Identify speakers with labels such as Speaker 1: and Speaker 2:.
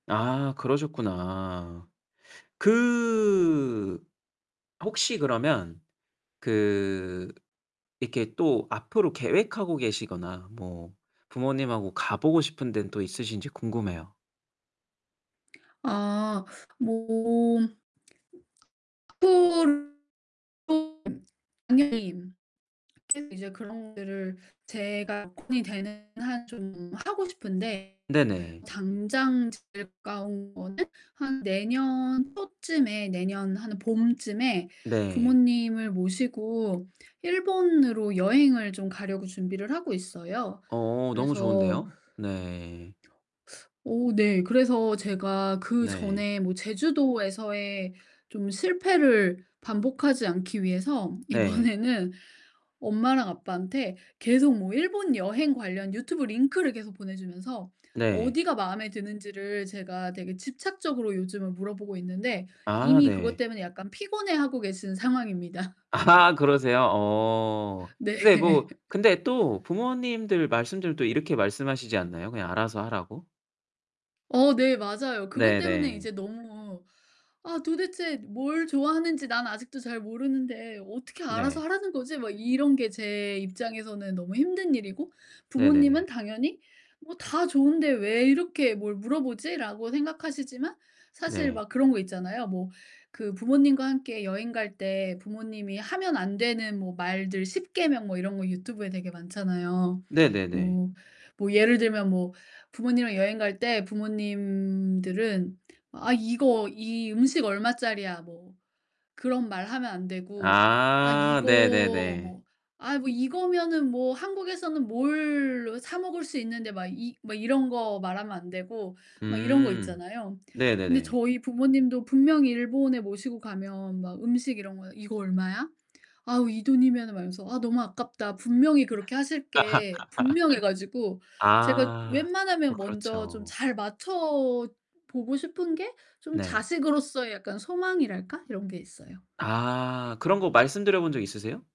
Speaker 1: 아 그러셨구나. 그 혹시 그러면 그 이렇게 또 앞으로 계획하고 계시거나 뭐 부모님하고 가 보고 싶은 데는 또 있으신지 궁금해요.
Speaker 2: 아 몸 앞으로 [unintelligible] 계속 이제 그런 것들을 제가 돈이 되는 한 좀 하고 싶은데
Speaker 1: 네네.
Speaker 2: 당장 제일 가까운 거는 한 내년 초쯤에 내년 한 봄쯤에
Speaker 1: 네.
Speaker 2: 부모님을 모시고 일본으로 여행을 좀 가려고 준비를 하고 있어요.
Speaker 1: 어 너무
Speaker 2: 그래서
Speaker 1: 좋은데요. 네.
Speaker 2: 어우 네 그래서 제가
Speaker 1: 네.
Speaker 2: 그전에 뭐 제주도에서의 좀 실패를 반복하지 않기 위해서
Speaker 1: 네.
Speaker 2: 이번에는 엄마랑 아빠한테 계속 뭐 일본 여행 관련 유튜브 링크를 계속 보내 주면서
Speaker 1: 네.
Speaker 2: 어디가 마음에 드는지를 제가 되게 집착적으로 요즘은 물어보고 있는데
Speaker 1: 아
Speaker 2: 이미 그것
Speaker 1: 네.
Speaker 2: 때문에 약간 피곤해하고 계시는 상황입니다.
Speaker 1: 아 그러세요? 어.
Speaker 2: 네.
Speaker 1: 근데 뭐 근데 또 부모님들 말씀들도 이렇게 말씀하시지 않나요 그냥 알아서 하라고?
Speaker 2: 어 네 맞아요. 그것 때문에 이제
Speaker 1: 네네.
Speaker 2: 너무 '아 도대체 뭘 좋아하는지 난 아직도 잘 모르는데 어떻게 알아서
Speaker 1: 네.
Speaker 2: 하라는 거지?' 막 이런 게 제 입장에서는 너무 힘든 일이고 부모님은
Speaker 1: 네네네.
Speaker 2: 당연히 '뭐 다 좋은데 왜 이렇게 뭘 물어보지?'라고 생각하시지만 사실
Speaker 1: 네.
Speaker 2: 막 그런 거 있잖아요. 뭐 그 부모님과 함께 여행 갈 때 부모님이 하면 안 되는 뭐 말들 십계명 뭐 이런 거 유튜브에 되게 많잖아요.
Speaker 1: 네네네.
Speaker 2: 뭐 뭐 예를 들면 뭐 부모님이랑 여행 갈 때 부모님들은 "아 이거 이 음식 얼마짜리야?" 뭐 그런 말하면 안 되고 아
Speaker 1: 아
Speaker 2: 이거
Speaker 1: 네네네.
Speaker 2: 뭐 "아이 뭐 이거면은 뭐 한국에서는 뭘로 사 먹을 수 있는데" 막 이 뭐 이런 거 말하면 안 되고 막 이런 거
Speaker 1: 음
Speaker 2: 있잖아요. 근데
Speaker 1: 네네네.
Speaker 2: 저희 부모님도 분명히 일본에 모시고 가면 막 음식 이런 거에 "이거 얼마야? 아우, 이 돈이면은" 막 이러면서 "아 너무 아깝다." 분명히 그렇게 하실 게 분명해 가지고 제가
Speaker 1: 아. 어
Speaker 2: 웬만하면 먼저 좀
Speaker 1: 그렇죠.
Speaker 2: 잘 맞춰 보고 싶은 게 좀
Speaker 1: 네.
Speaker 2: 자식으로서의 약간 소망이랄까 이런 게 있어요.
Speaker 1: 아 그런 거 말씀드려본 적 있으세요?